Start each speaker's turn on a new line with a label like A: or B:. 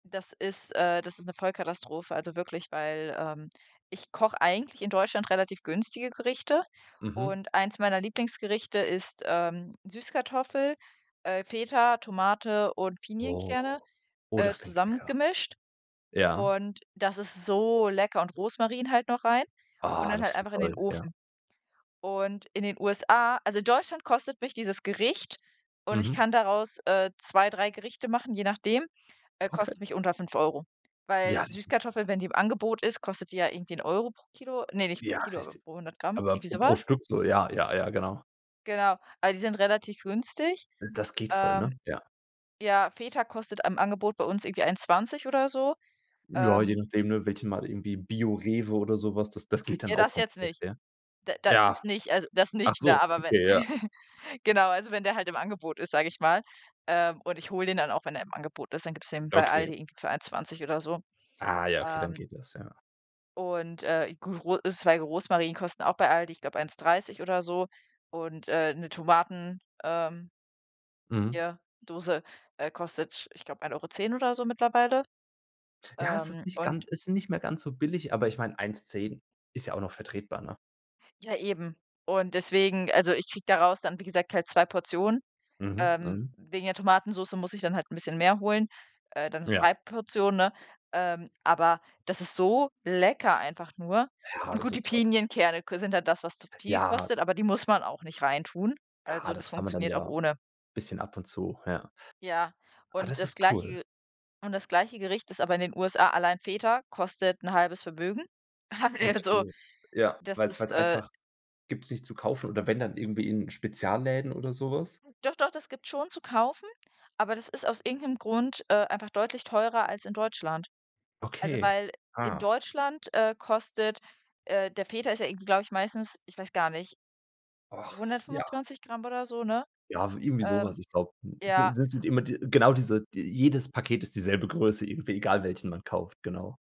A: Das ist äh, das ist 'ne Vollkatastrophe, also wirklich, weil, ähm, ich koche eigentlich in Deutschland relativ günstige Gerichte
B: Mhm.
A: und eins meiner Lieblingsgerichte ist, ähm, Süßkartoffel, äh, Feta, Tomate und Pinienkerne,
B: Oh, oh,
A: äh,
B: das klingt lecker.
A: zusammengemischt.
B: Ja.
A: Und das ist so lecker und Rosmarin halt noch rein und
B: Ah,
A: dann
B: das
A: halt
B: klingt
A: einfach in den
B: toll, ja.
A: Ofen. Und in den USA also in Deutschland kostet mich dieses Gericht und ich
B: Mhm.
A: kann daraus, äh, 2, 3 Gerichte machen, je nachdem, äh,
B: Okay.
A: kostet mich unter 5 €. Weil
B: Ja, das ist
A: Süßkartoffeln, wenn die im Angebot ist, kostet die ja irgendwie 1 € pro Kilo ne, nicht pro
B: Ja,
A: Kilo, aber
B: richtig.
A: pro 100g.
B: Aber
A: Irgendwie so
B: pro
A: was.
B: Stück so ja, ja, ja, genau.
A: Genau, a die sind relativ günstig,
B: Das geht voll,
A: ähm,
B: ne? Ja.
A: ja, Feta kostet am Angebot bei uns irgendwie 1,20 oder so,
B: Ja, je
A: ähm
B: nachdem, ne, welche mal irgendwie BioRewe oder so was, das das geht dann
A: Ja,
B: auch
A: das
B: vom
A: jetzt
B: Preis
A: nicht.
B: her.
A: Da da das
B: Ja.
A: nicht also das
B: Ach
A: nicht, ne?
B: so,
A: Aber wenn
B: okay, ja.
A: genau, also wenn der halt im Angebot ist, sage ich mal, ähm, und ich hole den dann auch, wenn er im Angebot ist, dann gibt's den bei
B: Okay.
A: Aldi irgendwie für 1,20 oder so,
B: Ah ja, okay, dann
A: ähm
B: geht das, ja.
A: und, äh, gu Ros Zweige Rosmarin kosten auch bei ALDI, ich glaube, 1,30 oder so. Und, äh, 'ne Tomaten, ähm
B: Mhm.
A: ja, Dose, äh, kostet, ich glaube, ein 1,10 € oder so, oder so mittlerweile,
B: Ja, es
A: ähm,
B: ist nicht gan
A: und
B: ist nicht mehr ganz so billig, aber ich meine, 1,10 ist ja auch noch vertretbar, ne?
A: Ja, eben. Und deswegen also, ich kriege daraus dann, wie gesagt, halt 2 Portionen,
B: Mhm,
A: ähm,
B: mhm.
A: wegen der Tomatensoße muss ich dann halt 'n bisschen mehr holen, äh, dann
B: Ja.
A: 3 Portionen, ne? Ähm, aber das ist so lecker einfach nur.
B: Ja,
A: Und
B: das
A: gut, die
B: ist toll.
A: Pinienkerne ko sind halt das, was zu viel
B: Ja.
A: kostet, aber die muss man auch nicht reintun.
B: Ja,
A: Also, das
B: das kann man dann
A: funktioniert auch
B: ja
A: ohne.
B: bisschen ab und zu ja.
A: Ja,
B: Ah,
A: und
B: das
A: das
B: ist
A: gleiche
B: cool.
A: Ge und das gleiche Gericht ist aber in den USA alleine Feta, kostet 'n halbes Vermögen. [unintelligible] also,
B: Okay. Ja,
A: das
B: weil's
A: ist,
B: weil's
A: äh
B: einfach gibt's nicht zu kaufen oder wenn dann irgendwie in Spezialläden oder so was?
A: Doch, doch, das gibt's schon zu kaufen, aber das ist aus irgend 'nem Grund, äh, einfach deutlich teurer als in Deutschland. Also,
B: Okay,
A: weil in
B: ah.
A: Deutschland, äh, kostet, äh der Feta ist ja irgendwie, glaube ich, meistens ich weiß gar nicht,
B: Och, ja.
A: 125g oder so, ne?
B: Ja, w irgendwie so
A: Ähm,
B: was. Ich glaube, sind
A: ja
B: sind immer die genau diese jedes Paket ist dieselbe Größe irgendwie, egal welchen man kauft, genau.